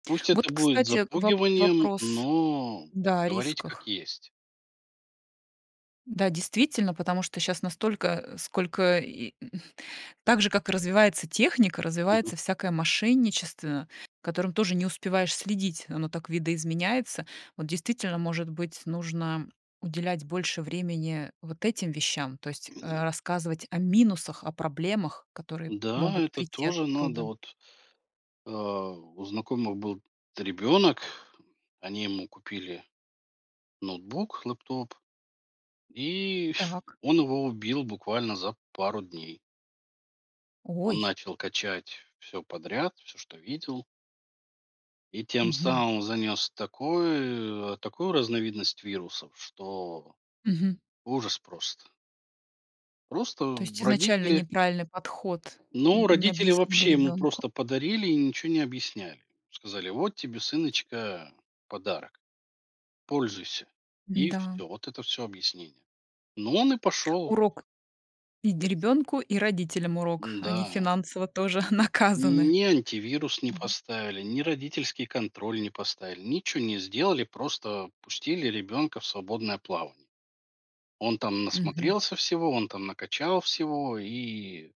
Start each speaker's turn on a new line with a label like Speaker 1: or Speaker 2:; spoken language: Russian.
Speaker 1: Пусть это
Speaker 2: Вот,
Speaker 1: будет
Speaker 2: кстати, воп
Speaker 1: запугиванием,
Speaker 2: вопрос
Speaker 1: но
Speaker 2: Да, о
Speaker 1: говорить как
Speaker 2: рисках.
Speaker 1: есть.
Speaker 2: Да, действительно, потому что щас настолько, э, сколько и, м, так же, как и развивается техника,
Speaker 1: Мгм.
Speaker 2: развивается всякое мошенничество, за которым тоже не успеваешь следить, оно так видоизменяется. Вот действительно, может быть, нужно уделять больше времени вот этим вещам, то есть, э, рассказывать о минусах, о проблемах, которые
Speaker 1: Да,
Speaker 2: могут
Speaker 1: это
Speaker 2: прийти
Speaker 1: тоже надо,
Speaker 2: оттуда.
Speaker 1: вот, э, у знакомых был т ребенок, они ему купили ноутбук, лэптоп, и
Speaker 2: Так.
Speaker 1: он его убил буквально за пару дней. Он
Speaker 2: Ой.
Speaker 1: начал качать всё подряд всё, что видел. И тем
Speaker 2: Мгм.
Speaker 1: самым занес такой, э, такую разновидность вирусов, что
Speaker 2: Мгм.
Speaker 1: ужас просто.
Speaker 2: То
Speaker 1: Просто
Speaker 2: есть
Speaker 1: в
Speaker 2: изначально
Speaker 1: родители
Speaker 2: неправильный подход,
Speaker 1: Ну,
Speaker 2: н не
Speaker 1: родители
Speaker 2: объяснили
Speaker 1: вообще ему
Speaker 2: ребёнку.
Speaker 1: просто подарили и ничего не объясняли. Сказали: "Вот тебе, сыночка, подарок, пользуйся". И
Speaker 2: М-да.
Speaker 1: всё, вот это всё объяснение. Ну, он и пошел.
Speaker 2: Урок и д ребёнку, и родителям урок. Они
Speaker 1: Н-да.
Speaker 2: финансово тоже наказаны.
Speaker 1: Ни антивирус не
Speaker 2: Мгм.
Speaker 1: поставили, ни родительский контроль не поставили, ничего не сделали, просто пустили ребенка в свободное плавание. Он там
Speaker 2: Мгм.
Speaker 1: насмотрелся всего, он там накачал всего, и